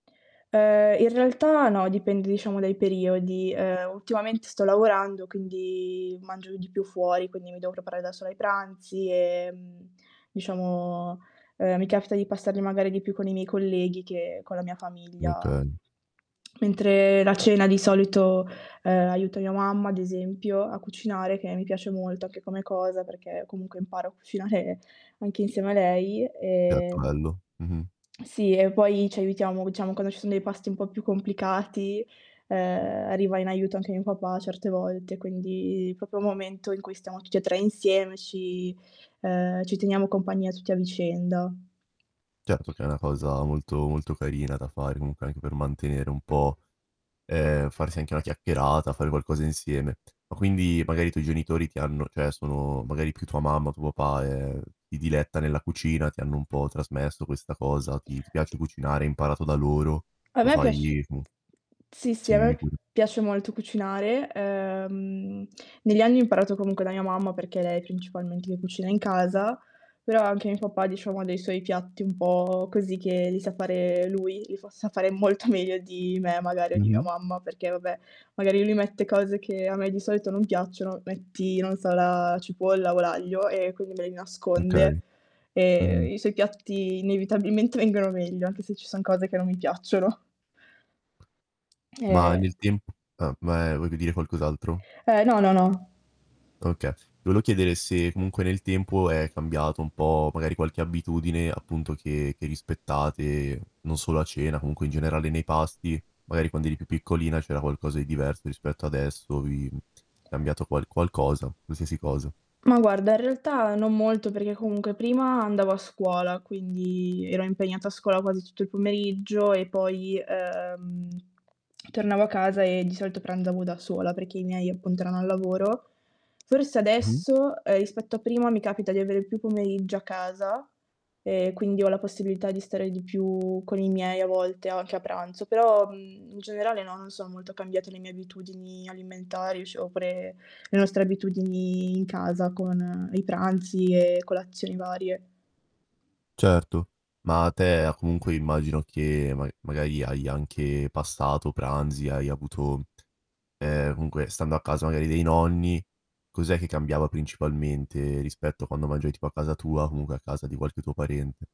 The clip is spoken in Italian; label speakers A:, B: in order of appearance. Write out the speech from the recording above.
A: Eh, in realtà no, dipende, diciamo, dai periodi. Ehm, ultimamente sto lavorando quindi mangio di più fuori, quindi mi devo preparare da sola i pranzi e, mhmm, diciamo, ehm, mi capita di passarli magari di più con i miei colleghi che con la mia famiglia.
B: Okay.
A: Mentre la cena, di solito, ehm, aiuto mia mamma, ad esempio, a cucinare che mi piace molto anche come cosa perché comunque imparo a cucinare anche insieme a lei.
B: [unintelligible]
A: E
B: bello. Mh-mh.
A: sì, e poi ci aiutiamo diciamo, quando ci sono dei pasti un po' più complicati, ehm, arriva in aiuto anche mio papà certe volte. Quindi proprio un momento in cui stiamo tutti e 3 insieme, ci ehm, ci teniamo compagnia tutti a vicenda.
B: Certo che è una cosa molto molto carina da fare comunque anche per mantenere un po' eh, farsi anche una chiacchierata, fare qualcosa insieme. Ma quindi magari i tuoi genitori ti hanno cioè, sono magari più tua mamma o tuo papà, ehm, si diletta nella cucina, ti hanno un po' trasmesso questa cosa. Ti ti piace cucinare, hai imparato da loro,
A: A
B: lo
A: me
B: fai
A: piac
B: mh
A: sì, sì,
B: Sì,
A: a me
B: dimmi
A: pi
B: pure.
A: piace molto cucinare. Ehm, negli anni ho imparato comunque la mia mamma perché lei principalmente che cucina in casa, però anche mio papà, diciamo, ha dei suoi piatti un po', così, che li sa fare lui, li sa fare molto meglio di me magari o di mia
B: Mh-mh.
A: mamma, perché, vabbè, magari lui mette cose che a me di solito non piacciono. Metti, non so, la cipolla o l'aglio e quindi me li nasconde
B: Okay. Mh-mh.
A: e i suoi piatti inevitabilmente vengono meglio anche se ci son cose che non mi piacciono.
B: Ma
A: Eh.
B: nel temp ah, ma, ehm, volevi dire qualcos'altro?
A: Eh, no, no, no.
B: Okay. Volevo chiedere se comunque nel tempo è cambiato un po' magari qualche abitudine, appunto, che che rispettate, non solo a cena comunque in generale nei pasti, magari quando eri più piccolina c'era qualcosa di diverso rispetto adesso. Vi cambiato qual qualcosa, qualsiasi cosa.
A: Ma, guarda, in realtà non molto perché comunque prima andavo a scuola, quindi ero impegnata a scuola quasi tutto il pomeriggio e poi, ehm, tornavo a casa e di solito pranzavo da sola, perché i miei appunto erano al lavoro. Forse
B: Mh-mh.
A: adesso, ehm, rispetto a prima, mi capita di avere più pomeriggio a casa e quindi ho la possibilità di stare di più con i miei a volte anche a pranzo. Però, mhmm, in generale no, non sono molto cambiate le mie abitudini alimentari [unintelligible] oppure le nostre abitudini in casa con i pranzi e colazioni varie.
B: Certo. Ma a te ha comunque immagino, che ma magari hai anche passato pranzi, hai avuto ehm, comunque stando a casa magari dei nonni cos'è che cambiava principalmente rispetto a quando mangiavi tipo a casa tua o comunque a casa di qualche tuo parente?